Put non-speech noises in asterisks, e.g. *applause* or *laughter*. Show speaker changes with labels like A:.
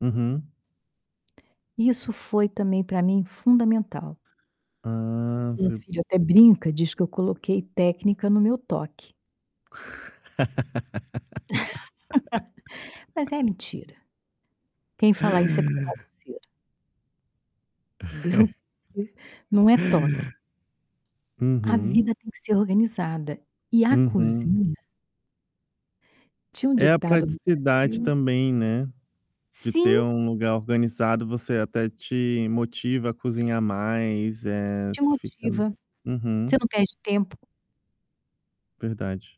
A: Uhum.
B: Isso foi também, pra mim, fundamental.
A: Ah,
B: Meu
A: se
B: filho até brinca, diz que eu coloquei técnica no meu toque. *laughs* Mas
A: *laughs*
B: é mentira. Quem fala isso é porque é bagunceiro. Entendeu, *chuckles* porque
A: *chuckles*
B: não é toque. A
A: Uhum.
B: vida tem que ser organizada. E a
A: Uhum.
B: cozinha Tinha um
A: É a
B: ditado no
A: praticidade
B: Brasil
A: também, né, de ter
B: Sim!
A: um lugar organizado. Você até te motiva a cozinhar mais, eh,
B: Te
A: você fica
B: motiva,
A: uhum.
B: você não perde tempo.
A: Verdade.